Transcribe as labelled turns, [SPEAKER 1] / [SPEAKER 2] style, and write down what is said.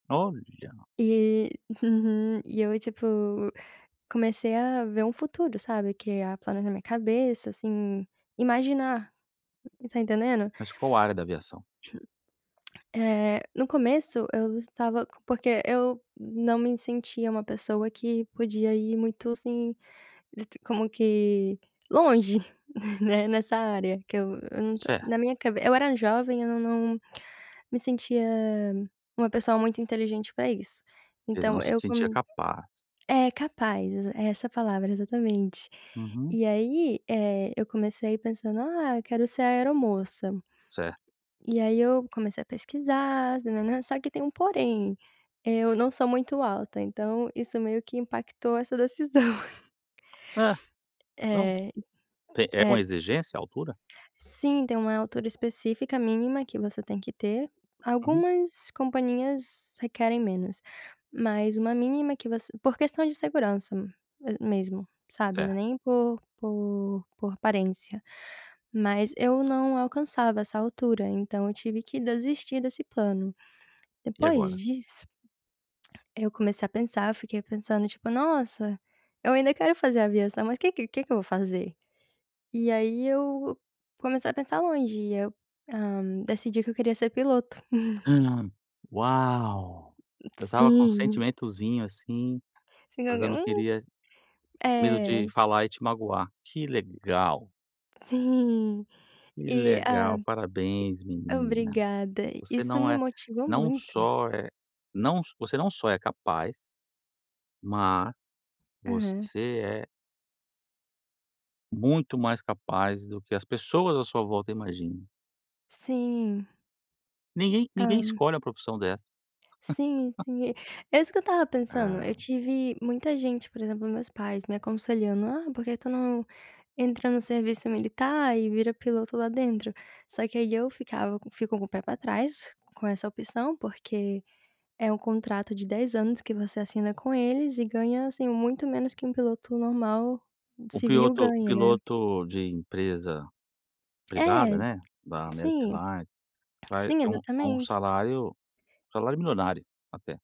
[SPEAKER 1] Olha.
[SPEAKER 2] E uhum. E eu, tipo, comecei a ver um futuro, sabe, criar plano na minha cabeça, assim, imaginar, tá entendendo?
[SPEAKER 1] Mas qual a área da aviação?
[SPEAKER 2] Eh, no começo eu estava porque eu não me sentia uma pessoa que podia ir muito, assim, d t como que, longe, né, nessa área, que eu eu não to
[SPEAKER 1] Certo.
[SPEAKER 2] na minha cabe eu era jovem, eu não não me sentia uma pessoa muito inteligente pra isso,
[SPEAKER 1] Quer dizer:
[SPEAKER 2] então
[SPEAKER 1] não se
[SPEAKER 2] eu
[SPEAKER 1] sentia
[SPEAKER 2] com
[SPEAKER 1] capaz.
[SPEAKER 2] é capaz, é essa a palavra, exatamente.
[SPEAKER 1] Uhum.
[SPEAKER 2] E aí, eh, eu comecei pensando: "Ah, eu quero ser aeromoça".
[SPEAKER 1] Certo.
[SPEAKER 2] E aí eu comecei a pesquisar, nã-nã-nã, só que tem um porém, eu não sou muito alta, então isso meio que impactou essa decisão.
[SPEAKER 1] Ah. Não.
[SPEAKER 2] É,
[SPEAKER 1] Te é
[SPEAKER 2] é
[SPEAKER 1] com exigência, a altura?
[SPEAKER 2] sim, tem uma altura específica mínima que você tem que ter,
[SPEAKER 1] Uhum.
[SPEAKER 2] algumas companhias requerem menos, mas uma mínima que você por questão de segurança a mesmo, sabe, não
[SPEAKER 1] Certo
[SPEAKER 2] é nem por por por aparência, mas eu não alcançava essa altura, então eu tive que desistir desse plano.
[SPEAKER 1] E
[SPEAKER 2] Depois
[SPEAKER 1] agora?
[SPEAKER 2] disso, eu comecei a pensar, eu fiquei pensando tipo: "Nossa, eu ainda quero fazer aviação, mas que que que que eu vou fazer?" E aí eu comecei a pensar longe e eu, hã, decidi que eu queria ser piloto.
[SPEAKER 1] Hum. Uau! Eu estava com um
[SPEAKER 2] Sim!
[SPEAKER 1] sentimentozinho, assim, mas eu não queria
[SPEAKER 2] [unintelligible]
[SPEAKER 1] medo
[SPEAKER 2] É.
[SPEAKER 1] de falar e te magoar. Que legal!
[SPEAKER 2] Sim.
[SPEAKER 1] Que
[SPEAKER 2] E,
[SPEAKER 1] legal!
[SPEAKER 2] hã,
[SPEAKER 1] Parabéns, menina.
[SPEAKER 2] obrigada,
[SPEAKER 1] Você
[SPEAKER 2] isso
[SPEAKER 1] não
[SPEAKER 2] me
[SPEAKER 1] é
[SPEAKER 2] motivou
[SPEAKER 1] não
[SPEAKER 2] muito.
[SPEAKER 1] só é não você não só é capaz mas,
[SPEAKER 2] Aham.
[SPEAKER 1] você é muito mais capaz do que as pessoas à sua volta imaginam.
[SPEAKER 2] Sim!
[SPEAKER 1] Ninguém ninguém
[SPEAKER 2] Hã.
[SPEAKER 1] escolhe uma profissão dessa.
[SPEAKER 2] Sim, sim! É isso que eu tava pensando, eu
[SPEAKER 1] É.
[SPEAKER 2] tive muita gente, por exemplo, meus pais me aconselhando: "Ah, por que tu não entra no serviço militar e vira piloto lá dentro?" Só que aí eu ficava fico com o pé pra trás com essa opção, porque é um contrato de 10 anos que você assina com eles e ganha assim muito menos que um piloto normal,
[SPEAKER 1] O
[SPEAKER 2] civil,
[SPEAKER 1] piloto
[SPEAKER 2] ganha, né?
[SPEAKER 1] piloto de empresa privada,
[SPEAKER 2] É,
[SPEAKER 1] né, da America
[SPEAKER 2] sim.
[SPEAKER 1] Airlines, vai
[SPEAKER 2] Sim,
[SPEAKER 1] ter um um
[SPEAKER 2] exatamente.
[SPEAKER 1] salário salário milionário até.